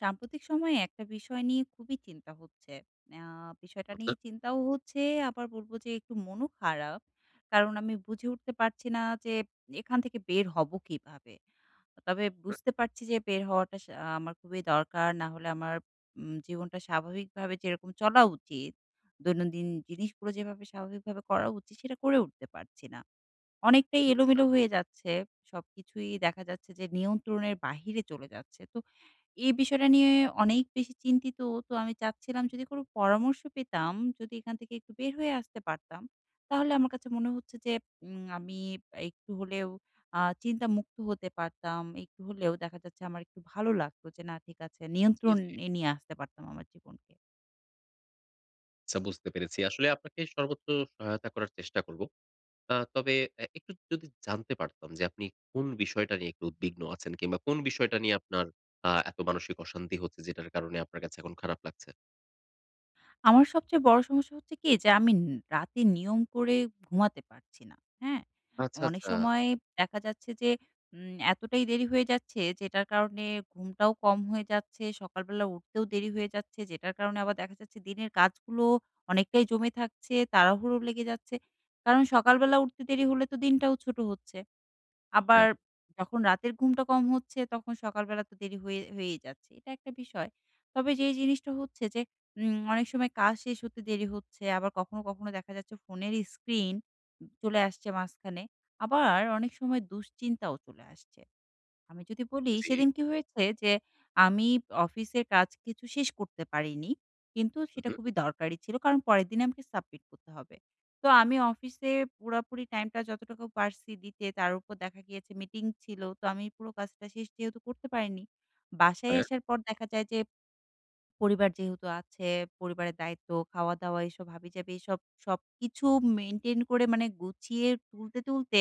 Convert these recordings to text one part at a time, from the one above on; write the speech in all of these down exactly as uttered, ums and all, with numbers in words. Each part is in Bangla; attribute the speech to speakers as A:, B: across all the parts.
A: সাম্প্রতিক সময়ে একটা বিষয় নিয়ে খুবই চিন্তা হচ্ছে। আ বিষয়টা নিয়ে
B: অর্থাৎ
A: চিন্তাও হচ্ছে আবার বলবো যে একটু মনও খারাপ। কারণ আমি বুঝে উঠতে পারছি না যে এখান থেকে বের হব কীভাবে? আ তবে
B: হু।
A: বুঝতে পারছি যে বের হওয়াটা সা আমার খুবই দরকার। না হলে আমার উম জীবনটা স্বাভাবিকভাবে যেরকম চলা উচিত, দৈনন্দিন জিনিসগুলো যেভাবে স্বাভাবিকভাবে করা উচিত, সেটা করে উঠতে পারছি না। অনেকটাই
B: চ্ছা।
A: এলোমেলো হয়ে যাচ্ছে। সবকিছুই দেখা যাচ্ছে যে নিয়ন্ত্রণের বাহিরে চলে যাচ্ছে। তো এই বিষয়টা নিয়ে অনেক বেশি চিন্তিত। তো আমি চাচ্ছিলাম যদি কোনো পরামর্শ পেতাম? যদি এখান থেকে একটু বের হয়ে আসতে পারতাম। তাহলে আমার কাছে মনে হচ্ছে যে উম আমি একটু হলেও আ চিন্তামুক্ত হতে পারতাম। একটু হলেও দেখা যাচ্ছে আমার একটু ভালো লাগতো। যে না ঠিক আছে
B: জি,
A: নিয়ন্ত্রণ
B: জি।
A: এ নিয়ে আসতে পারতাম আমার জীবনকে।
B: চ্ছা বুঝতে পেরেছি। আসলে আপনাকে সর্বোচ্চ সহায়তা করার চেষ্টা করব। আ তবে অ্যা একটু যদি জানতে পারতাম যে আপনি কোন বিষয়টা নিয়ে একটু উদ্বিগ্ন আছেন? কিংবা কোন বিষয়টা নিয়ে আপনার আ এত মানসিক অশান্তি হচ্ছে যেটার কারণে আপনার কাছে এখন খারাপ লাগছে?
A: আমার সবচেয়ে বড়ো সমস্যা হচ্ছে কি? যে আমিন রাতে নিয়ম করে ঘুমাতে পারছি না, হ্যাঁ?
B: আচ্ছা,
A: অনেক
B: আচ্ছা।
A: সময় দেখা যাচ্ছে যে উম এতটাই দেরি হয়ে যাচ্ছে, যেটার কারণে ঘুমটাও কম হয়ে যাচ্ছে, সকালবেলা উঠতেও দেরি হয়ে যাচ্ছে। যেটার কারণে আবার দেখা যাচ্ছে দিনের কাজগুলো অনেকটাই জমে থাকছে, তাড়াহুড়ো লেগে যাচ্ছে। কারণ সকালবেলা উঠতে দেরি হলে তো দিনটাও ছোটো হচ্ছে। আবার
B: রাইট।
A: যখন রাতের ঘুমটা কম হচ্ছে, তখন সকালবেলা তো দেরি হয়ে হয়েই যাচ্ছে এটা একটা বিষয়। তবে যেই জিনিসটা হচ্ছে যে উম অনেক সময় কাজ শেষ হতে দেরি হচ্ছে। আবার কখনো, কখনো দেখা যাচ্ছে ফোনের স্ক্রিন উম চলে আসছে মাঝখানে। আবার অনেক সময় দুশ্চিন্তাও চলে আসছে। আমি যদি বলি,
B: জি।
A: সেদিন কি হয়েছে? যে আমি অফিসের কাজ কিছু শেষ করতে পারিনি, কিন্তু
B: উ
A: সেটা
B: হু।
A: খুবই দরকারি ছিল। কারণ, পরের দিনে আমাকে সাবমিট করতে হবে। তো আমি অফিসে পুরাপুরি টাইমটা যতটুকু পারছি দিতে। তার উপর দেখা গিয়েছে মিটিং ছিল। তো আমি পুরো কাজটা শেষ যেহেতু করতে পারিনি। বাসায়
B: হ্যাঁ।
A: আসার পর দেখা যায় যে পরিবার যেহেতু আছে। পরিবারের দায়িত্ব, খাওয়াদাওয়া, এসব হাবিজাবি, এ সব সবকিছু মেইনটেইন করে মানে গুছিয়ে তুলতে, তুলতে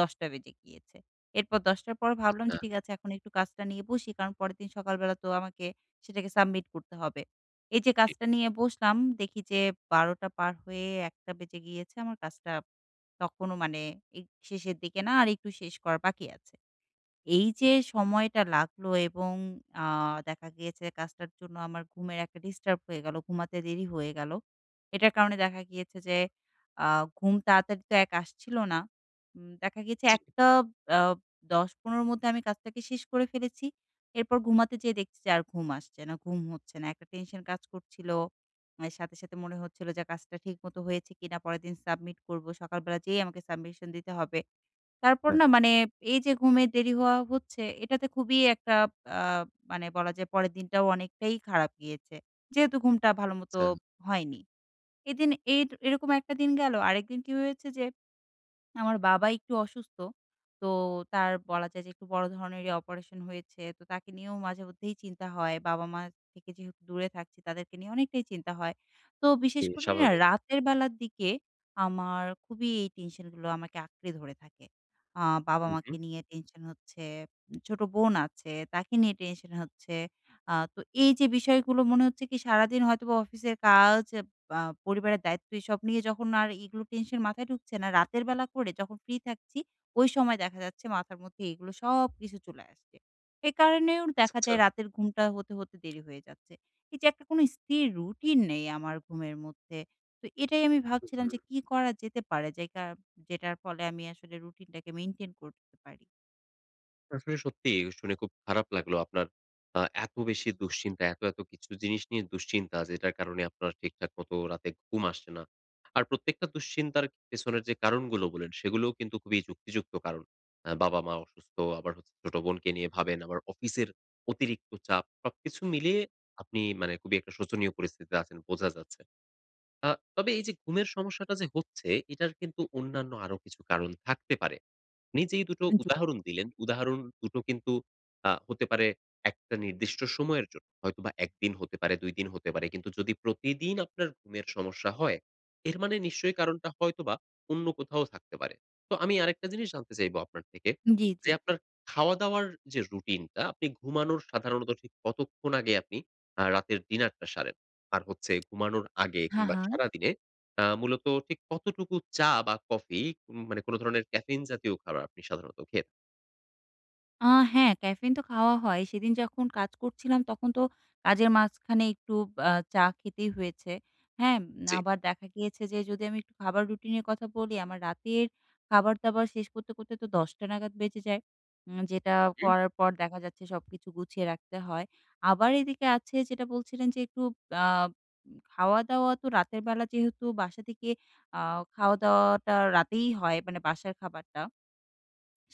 A: দশ টা বেজে গিয়েছে। এরপর দশ টার পর ভাবলাম
B: আচ্ছা।
A: যে ঠিক আছে, এখন একটু কাজটা নিয়ে বসি। কারণ পরেরদিন সকালবেলা তো আমাকে সেটাকে সাবমিট করতে হবে। এই যে
B: জি।
A: কাজটা নিয়ে বসলাম। দেখি যে বারোটা টা পার হয়ে এক টা বেজে গিয়েছে, আমার কাজটা তখনও মানে এ শেষের দিকে না আর একটু শেষ করা বাকি আছে। এই যে সময়টা লাগলো এবং আ দেখা গিয়েছে কাজটার জন্য আমার ঘুমের একটা ডিস্টার্ব হয়ে গেলো, ঘুমাতে দেরি হয়ে গেলো। এটার কারণে দেখা গিয়েছে যে আ ঘুম তাড়াতাড়ি তো এক আসছিলো না। উম দেখা গেছে
B: জি।
A: এক টা অ দশ-পনেরো 'র মধ্যে আমি কাজটাকে শেষ করে ফেলেছি। এরপর ঘুমাতে যেয়ে দেখছি যে আর ঘুম আসছে না, ঘুম হচ্ছে না। একটা টেনশন কাজ করছিলো। অ্যা সাথে, সাথে মনে হচ্ছিল যে কাজটা ঠিকমতো হয়েছে কিনা? পরেরদিন সাবমিট করব, সকালবেলা যেয়েই আমাকে submission দিতে হবে। তারপর
B: আচ।
A: না মানে এই যে ঘুমের দেরি হওয়া হচ্ছে, এটাতে খুবই একটা আ মানে বলা যায় পরের দিনটাও অনেকটাই খারাপ গিয়েছে, যেহেতু ঘুমটা ভালোমত
B: চ্ছা
A: হয়নি। এদিন এর এরকম একটা দিন গেল। আরেকদিন কি হয়েছে যে আমার বাবা একটু অসুস্থ। তো তার বলা যায় যে একটু বড় ধরনেরই অপারেশন হয়েছে। তো তাকে নিয়েও মাঝেমধ্যেই চিন্তা হয়। বাবা-মার থেকে যেহেতু দূরে থাকছি, তাদেরকে নিয়ে অনেকটাই চিন্তা হয়। তো বিশেষ
B: জি
A: করে না
B: স্বাভাবিক।
A: রাতের বেলার দিকে আমার খুবই এই টেনশনগুলো আমাকে আঁকড়ে ধরে থাকে। আ
B: হু, হু।
A: বাবা-মাকে নিয়ে টেনশন হচ্ছে। উম ছোট বোন আছে, তাকে নিয়ে টেনশন হচ্ছে। আ তো এই যে বিষয়গুলো মনে হচ্ছে কি সারাদিন হয়তোবা অফিসের কাজ, আ পরিবারের দায়িত্ব এইসব নিয়ে যখন আর এগুলো টেনশন মাথায় ঢুকছে না, রাতের বেলা করে যখন ফ্রি থাকছি, ওই সময় দেখা যাচ্ছে মাথার মধ্যে এগুলো সবকিছু চলে আসছে। এই কারণেও
B: চ্ছা,
A: দেখা
B: আচ্ছা।
A: যায় রাতের ঘুমটা হতে, হতে দেরি হয়ে যাচ্ছে। এই যে একটা কোনো স্থির রুটিন নেই আমার ঘুমের মধ্যে। তো এটাই আমি
B: উ
A: ভাবছিলাম যে
B: হুম।
A: কী করা যেতে পারে? যেই কা যেটার ফলে আমি আসলে রুটিনটাকে মেইনটেন করতে পারি?
B: আসলে সত্যিই শুনে খুব খারাপ লাগলো। আপনার আ এত বেশি দুশ্চিন্তা এত, এত কিছু জিনিস নিয়ে দুশ্চিন্তা যেটার কারণে আপনার ঠিকঠাক মত রাতে ঘুম আসছে না। আর প্রত্যেকটা দুশ্চিন্তার পেছনের যে কারণগুলো বললেন, সেগুলোও কিন্তু খুবই যুক্তিযুক্ত কারণ। আ বাবা-মা অসুস্থ, আবার হচ্ছে ছোট বোনকে নিয়ে ভাবেন, আবার অফিসের অতিরিক্ত চাপ। সবকিছু মিলিয়ে আপনি মানে খুবই একটা শোচনীয় পরিস্থিতিতে আছেন বোঝা যাচ্ছে। আ তবে এই যে ঘুমের সমস্যাটা যে হচ্ছে, এটার কিন্তু অন্যান্য আরো কিছু কারণ থাকতে পারে। নিজেই দুটো
A: হ্যাঁ জি।
B: উদাহরণ দিলেন। উদাহরণ দুটো কিন্তু আ হতে পারে একটা নির্দিষ্ট সময়ের জন্য। হয়তোবা এক দিন হতে পারে দুই দিন হতে পারে। কিন্তু যদি প্রতিদিন আপনার ঘুমের সমস্যা হয়, এর মানে নিশ্চয়ই কারণটা হয়তোবা অন্য কোথাও থাকতে পারে। তো আমি আরেকটা জিনিস জানতে চাইব আপনার থেকে।
A: হু, জি,
B: যে
A: জি।
B: আপনার খাওয়া-দাওয়ার যে রুটিন টা। আপনি ঘুমানোর সাধারণত আসলে কতক্ষণ আগে আপনি আ রাতের ডিনার টা সারেন? আর হচ্ছে ঘুমানোর আগে
A: হা,
B: কিংবা
A: হা।
B: সারাদিনে আ মূলত ঠিক কতটুকু চা বা কফি উম মানে কোন ধরণের ক্যাফেইন জাতীয় খারাব আপনি সাধারণত খেয়ে
A: আ হ্যাঁ ক্যাফেইন তো খাওয়া হয়। সেদিন যখন কাজ করছিলাম তখন তো কাজের মাঝখানে একটু আ চা খেতেই হয়েছে, হ্যাঁ? এম
B: জি।
A: আবার দেখা গিয়েছে যে যদি আমি একটু খাবার রুটিনের কথা বলি। আমার রাতের খাবার-দাবার শেষ করতে, করতে তো দশ টা নাগাদ বেজে যায়। উম যেটা
B: হুম।
A: করার পর দেখা যাচ্ছে সবকিছু গুছিয়ে রাখতে হয়। আবার এদিকে আছে যেটা বলছিলেন যে একটু আ উম খাওয়া-দাওয়া তো রাতেরবেলা যেহেতু বাসা থেকে আ খাওয়া-দাওয়াটা রাতেই হয়, মানে বাসার খাবারটা।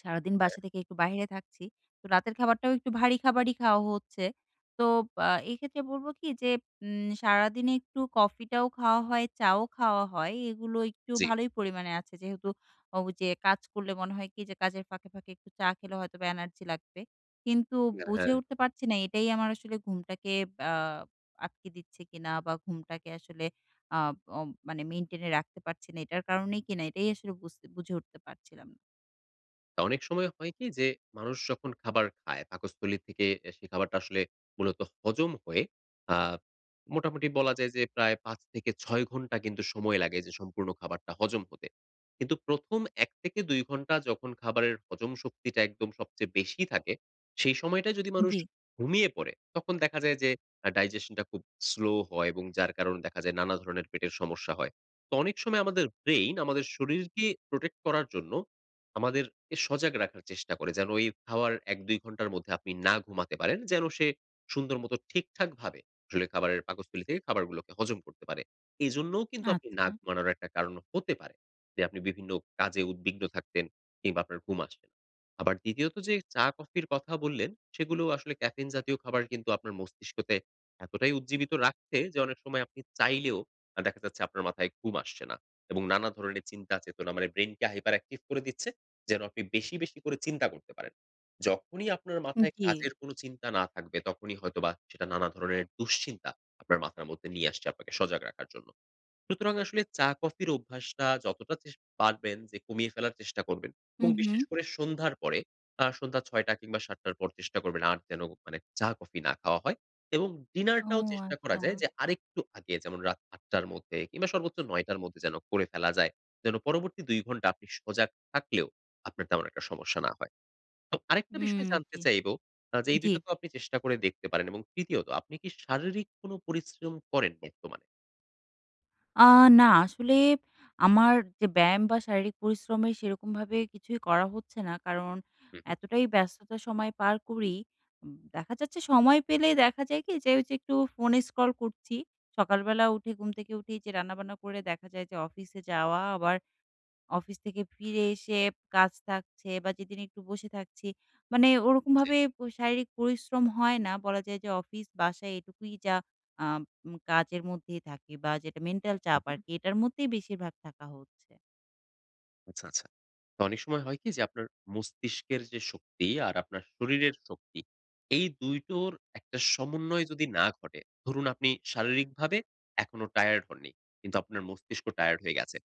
A: সারাদিন
B: হ্যাঁ।
A: বাসা থেকে একটু বাইরে থাকছি। তো রাতের খাবারটাও একটু ভারী খাবারই খাওয়া হচ্ছে। তো আ এক্ষেত্রে বলব কি যে উম সারাদিনে একটু কফিটাও খাওয়া হয়, চাও খাওয়া হয়। এগুলো একটু
B: জি।
A: ভালোই পরিমাণে আছে। যেহেতু অ ওই যে কাজ করলে মনে হয় কি? যে কাজের ফাঁকে, ফাঁকে একটু চা খেলে হয়তোবা এনার্জি লাগবে। কিন্তু
B: ই অ্যা
A: বুঝে
B: হ্যাঁ।
A: উঠতে পারছি না এটাই আমার আসলে ঘুমটাকে আ আটকে দিচ্ছে কিনা? বা ঘুমটাকে আসলে আব ও মানে মেইনটেইন এ রাখতে পারছি না এটার কারণেই কিনা? এটাই আসলে বুঝতে বুঝে উঠতে পারছিলাম না।
B: তা অনেক সময় হয় কি যে মানুষ যখন খাবার খায়, পাকস্থলী থেকে এ সে খাবারটা আসলে মূলত হজম হয়ে আ মোটামুটি বলা যায় যে প্রায় পাঁচ থেকে ছয় ঘন্টা কিন্তু সময় লাগে যে সম্পূর্ণ খাবারটা হজম হতে। কিন্তু প্রথম এক থেকে দুই ঘন্টা যখন খাবারের হজম শক্তিটা একদম সবচেয়ে বেশি থাকে। সেই সময়টায় যদি মানুষ
A: জি।
B: ঘুমিয়ে পড়ে তখন দেখা যায় যে আ digestion টা খুব slow হয় এবং যার কারণে দেখা যায় নানা ধরণের পেটের সমস্যা হয়। তো অনেক সময় আমাদের ব্রেইন আমাদের শরীরকে protect করার জন্য আমাদেরকে সজাগ রাখার চেষ্টা করে। যেন এই খাওয়ার এক দুই ঘন্টার মধ্যে আপনি না ঘুমাতে পারেন। যেন সে সুন্দর মত ঠিকঠাকভাবে আসলে খাবারের পাকস্থলীতে খাবারগুলোকে হজম করতে পারে। এজন্যও কিন্তু আপনি না
A: আচ্ছা।
B: ঘুমানোর একটা কারণ হতে পারে। যে আপনি বিভিন্ন কাজে উদ্বিগ্ন থাকতেন কিংবা আপনার ঘুম আসবে না। আবার দ্বিতীয়ত যে চা কফির কথা বললেন সেগুলো আসলে ক্যাফেইন জাতীয় খাবার কিন্তু আপনার মস্তিষ্কতে এতটাই উজ্জীবিত রাখছে, যে অনেক সময় আপনি চাইলেও আ দেখা যাচ্ছে আপনার মাথায় ঘুম আসছে না এবং নানা ধরণের চিন্তা চেতনা মানে ব্রেইনকে hyper active করে দিচ্ছে যেন আপনি বেশি, বেশি করে চিন্তা করতে পারেন। যখনই আপনার মাথায়
A: জি।
B: কাজের কোন চিন্তা না থাকবে, তখনই হয়তোবা সেটা নানা ধরণের দুশ্চিন্তা আপনার মাথার মধ্যে নিয়ে আসছে আপনাকে সজাগ রাখার জন্য। সুতরাং, আসলে চা কফির অভ্যাসটা যতটা চেষ্ট পারবেন যে কমিয়ে ফেলার চেষ্টা করবেন
A: হু,
B: এবং বিশেষ
A: হু।
B: করে সন্ধ্যার পরে আ সন্ধ্যা ছয়টা কিংবা, সাতটা র পর চেষ্টা করবেন আর যেন মানে চা কফি না খাওয়া হয় এবং
A: ও
B: ডিনারটাও চেষ্টা করা যায়
A: আচ্ছা।
B: যে আরেকটু আগে যেমন রাত আটটা র মধ্যে কিংবা, সর্বোচ্চ নয়টা র মধ্যে যেন করে ফেলা যায়। যেন পরবর্তী দুই ঘন্টা আপনি সজাগ থাকলেও, আপনার তেমন একটা সমস্যা না হয়। তো আরেকটা
A: হুম
B: বিষয় জানতে
A: জি।
B: চাইবো, আ যে এই
A: জি।
B: দুইটা তো আপনি চেষ্টা করে দেখতে পারেন এবং তৃতীয়ত আপনি কি শারীরিক কোন পরিশ্রম করেন বর্তমানে?
A: আ না। আসলে আমার যে ব্যায়াম বা শারীরিক পরিশ্রমের সেরকমভাবে কিছুই করা হচ্ছে না। কারণ
B: হু, হু।
A: এতটাই ব্যস্ততার সময় পার করি, উম দেখা যাচ্ছে সময় পেলেই দেখা যায় কি যে ওইযে একটু ফোনে স্ক্রল করছি। সকালবেলা উঠে, ঘুম থেকে উঠেই যে রান্নাবান্না করে দেখা যায় যে অফিসে যাওয়া। আবার অফিস থেকে ফিরে এসে কাজ থাকছে বা যেদিন একটু বসে থাকছি। মানে
B: জি।
A: ওরকমভাবে প শারীরিক পরিশ্রম হয় না। বলা যায় যে অফিস বাসায় এটুকুই যা আ উম কাজের মধ্যেই থাকি। বা যেটা মেন্টাল
B: হু,
A: চাপ
B: হু।
A: আরকি, এটার মধ্যেই বেশিরভাগ থাকা হচ্ছে।
B: আচ্ছা, আচ্ছা। তো অনেক সময় হয় কি? যে আপনার মস্তিষ্কের যে শক্তি আর আপনার শরীরের শক্তি, এই দুই টোর একটা সমন্বয় যদি না ঘটে। ধরুন আপনি শারীরিকভাবে এখনো টায়ার্ড হননি, কিন্তু আপনার মস্তিষ্ক টায়ার্ড হয়ে গেছে।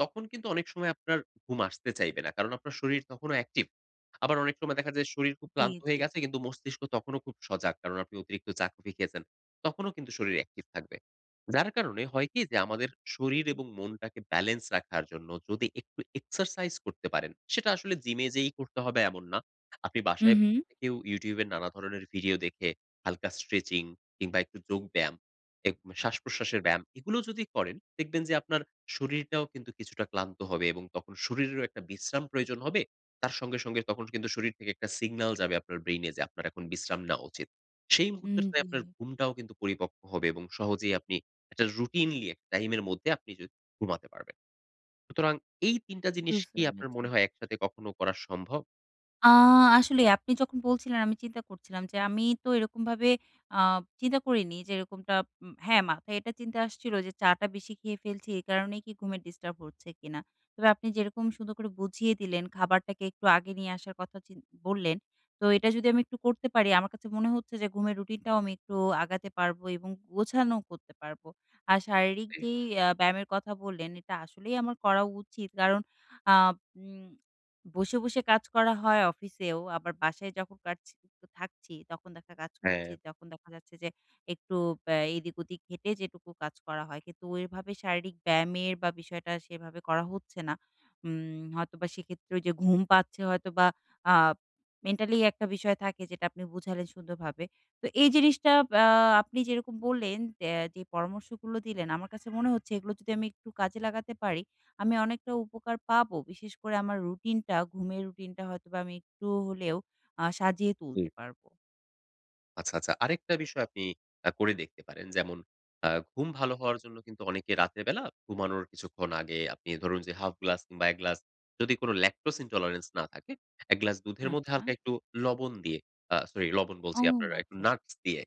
B: তখন কিন্তু অনেক সময় আপনার ঘুম আসতে চাইবে না কারণ আপনার শরীর তখনো অ্যাকটিভ। আবার অনেক সময় দেখা যায় শরীর খুব
A: জি,
B: ক্লান্ত
A: জি।
B: হয়ে গেছে, কিন্তু মস্তিষ্ক তখনও খুব সজাগ কারণ আপনি অতিরিক্ত চা, কফি খেয়েছেন। তখনও কিন্তু শরীর অ্যাকটিভ থাকবে। যার কারণে হয় কি? যে আমাদের শরীর এবং মনটাকে ব্যালেন্স রাখার জন্য যদি একটু exercise করতে পারেন। সেটা আসলে জিমে যেয়েই করতে হবে এমন না। আপনি
A: হু,
B: বাসায়
A: হু।
B: বসে থেকেও YouTube এ নানা ধরনের ভিডিও দেখে হালকা stretching কিংবা একটু যোগ ব্যায়াম, এক শ্বাসপ্রশ্বাসের ব্যায়াম এগুলো যদি করেন, দেখবেন যে আপনার শরীরটাও কিছুটা ক্লান্ত হবে। এবং তখন শরীরেরও একটা বিশ্রাম প্রয়োজন হবে। তার সঙ্গে, সঙ্গে তখন কিন্তু শরীর থেকে একটা সিগনাল যাবে আপনার ব্রেইনে যে আপনার এখন বিশ্রাম নেওয়া উচিত। সেই
A: উম
B: মুহূর্তে যেয়ে
A: জি।
B: আপনার ঘুমটাও কিন্ত পরিপক্ক হবে এবং সহজেই আপনি একটা রুটিনলি এক টাইমের মদ্ধে আপনি য ঘুমাতে পারবেন। সুতরাং এই তিন টা জিনিস
A: বুঝতে
B: কি আপনার
A: পেরেছি।
B: মনে হয় একসাথে কখনো করা সম্ভব?
A: আ আসলেই আপনি যখন বলছিলেন আমি চিন্তা করছিলাম যে, আমি তো এরকমভাবে আ চিন্তা করিনি যে এরকমটা হ্যাঁ, মাথায় এটা চিন্তা আসছিলো যে চা টা বেশি খেয়ে ফেলছি। এই কারণেই কি ঘুমের ডিস্টার্ব হচ্ছে কিনা। তবে আপনি যেরকম সুন্দর করে বুঝিয়ে দিলেন খাবারটাকে একটু আগে নিয়ে আসার কথা চিন বললেন। তো এটা যদি আমি একটু করতে পারি আমার কাছে মনে হচ্ছে যে ঘুমের রুটিনটাও আমি একটু আগাতে পারবো এবং গোছানোও করতে পারবো। আর শারীরিক
B: জ্বি।
A: যেই অ্যা ব্যায়ামের কথা বললেন এটা আসলেই আমার করা উচিত। কারণ আ উম বসে, বসে কাজ করা হয় অফিসেও, আবার বাসায় যখন পারছি তো থাকছি। তখন দেখা কাজ করছি
B: হ্যাঁ।
A: তখন দেখা যাচ্ছে যে একটু বে এদিক ওদিক হেটে যেটুকু কাজ করা হয়। কিন্তু ওইভাবে শারীরিক ব্যায়ামের বা, বিষয়টা সেভাবে করা হচ্ছে না। উম হয়তোবা সেক্ষেত্রে ঐযে ঘুম পাচ্ছে হয়তোবা আব মেন্টালি একটা বিষয় থাকে, যেটা আপনি বুঝালেন সুন্দরভাবে। তো এই জিনিসটা বা, আপনি যেরকম বললেন অ্যা যে পরামর্শগুলো দিলেন আমার কাছে মনে হচ্ছে এগুলো যদি আমি একটু কাজে লাগাতে পারি, আমি অনেকটা উপকার পাবো। বিশেষ করে আমার রুটিনটা, ঘুমের রুটিনটা হয়তোবা আমি একটু হলেও আ সাজিয়ে তুলতে
B: জ্বি।
A: পারবো।
B: আচ্ছা, আচ্ছা। আরেকটা বিষয় আপনি আ করে দেখতে পারেন। যেমন আ ঘুম ভালো হওয়ার জন্য কিন্তু অনেকে রাতের বেলা ঘুমানোর কিছুক্ষণ আগে আপনি ধরুন যে হাফ গ্লাস কিংবা এক গ্লাস যদি কোন lactose intolerance না থাকে, এক গ্লাস দুধের মধ্যে
A: আচ্ছা।
B: হালকা একটু লবণ দিয়ে আ সরি লবণ
A: ও
B: বলছি আপনার আ একটু
A: আচ্ছা।
B: নাকস দিয়ে,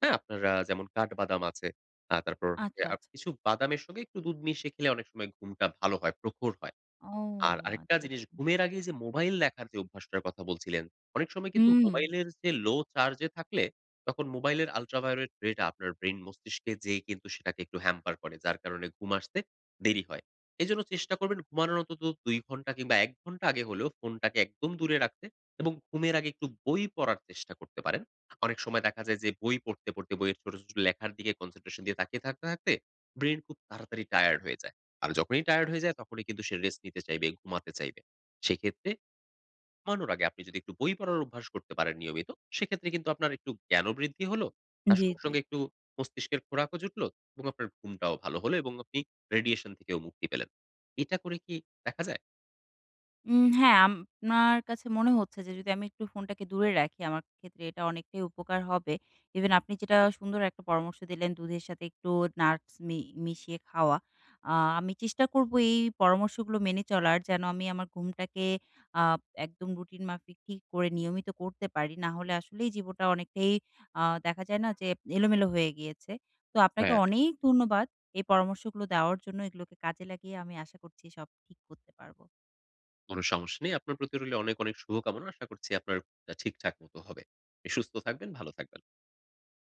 B: হ্যাঁ? আপনার আ যেমন কাঠ বাদাম আছে, আ তারপর
A: আচ্ছা,
B: হচ্ছে
A: আচ্ছা।
B: আর কিছু বাদামের সঙ্গে একটু দুধ মিশিয়ে খেলে অনেক সময় ঘুমটা ভালো হয়, প্রখর হয়।
A: ও
B: আর আরেকটা
A: আচ্ছা,
B: জিনিস
A: আচ্ছা।
B: ঘুমের আগে এই যে মোবাইল দেখার যে অভ্যাসটার কথা বলছিলেন। অনেক সময় কিন্তু
A: হুম।
B: মোবাইলের যে লো চার্জ এ থাকলে তখন মোবাইলের ultraviolet ray টা আপনার ব্রেইন মস্তিষ্কে যেয়ে কিন্তু সেটাকে একটু hamper করে। যার কারণে ঘুম আসতে দেরি হয়। এজন্য চেষ্টা করবেন ঘুমানোর অন্তত দুই ঘন্টা কিংবা এক ঘটা আগে হলেও ফোনটাকে একদম দূরে রাখতে. এবং ঘুমের আগে একটু বই পড়ার চেষ্টা করতে পারেন। অনেক সময় দেখা যায় যে বই পড়তে, পড়তে বইয়ের ছোট, ছোট লেখার দিকে concentration দিয়ে তাকিয়ে থাকতে, থাকতে ব্রেইন খুব তাড়াতাড়ি টায়ার্ড হয়ে যায়। আর যখনই টায়ার্ড হয়ে যায় তখনই কিন্তু সে রেস্ট নিতে চাইবে, ঘুমাতে চাইবে। সেক্ষেত্রে ঘুমানোর আগে আপনি যদি একটু বই পড়ার অভ্যাস করতে পারেন নিয়মিত। সেক্ষেত্রে কিন্তু আপনার একটু জ্ঞানও বৃদ্ধি হলো, তার
A: জি,
B: সঙ্গে,
A: জি।
B: সঙ্গে একটু মস্তিষ্কের খোরাকও জুটল এবং আপনার ঘুমটাও ভালো হলো। এবং আপনি radiation থেকেও মুক্তি পেলেন। এটা করে কি দেখা যায়?
A: উম হ্যাঁ আমনার কাছে মনে হচ্ছে যে যদি আমি একটু ফোনটাকে দূরে রাখি, আমার ক্ষেত্রে এটা অনেকটাই উপকার হবে। ইভেন আপনি যেটা
B: হু।
A: সুন্দর একটা পরামর্শ দিলেন দুধের সাথে একটু নাটস মি মিশিয়ে খাওয়া। আ আমি চেষ্টা করব এই পরামর্শগুলো মেনে চলার। যেন আমি আমার ঘুমটাকে আ একদম রুটিন মাফিক ঠিক করে নিয়মিত করতে পারি। নাহলে আসলেই জীবটা অনেকটাই আ দেখা যায় না যে এলোমেলো হয়ে গিয়েছে। তো আপনাকে
B: হ্যাঁ।
A: অনেক ধন্যবাদ এই পরামর্শগুলো দেওয়ার জন্য। এগুলোকে কাজে লাগিয়ে আমি আশা করছি সব ঠিক করতে পারবো।
B: কোন সমস্যা নেই। আপনার প্রতি রইল অনেক, অনেক শুভকামনা। আশা করছি আপনার ঘুমটা ঠিকঠাক মত হবে। পনি সুস্থ থাকবেন ভালো থাকবেন।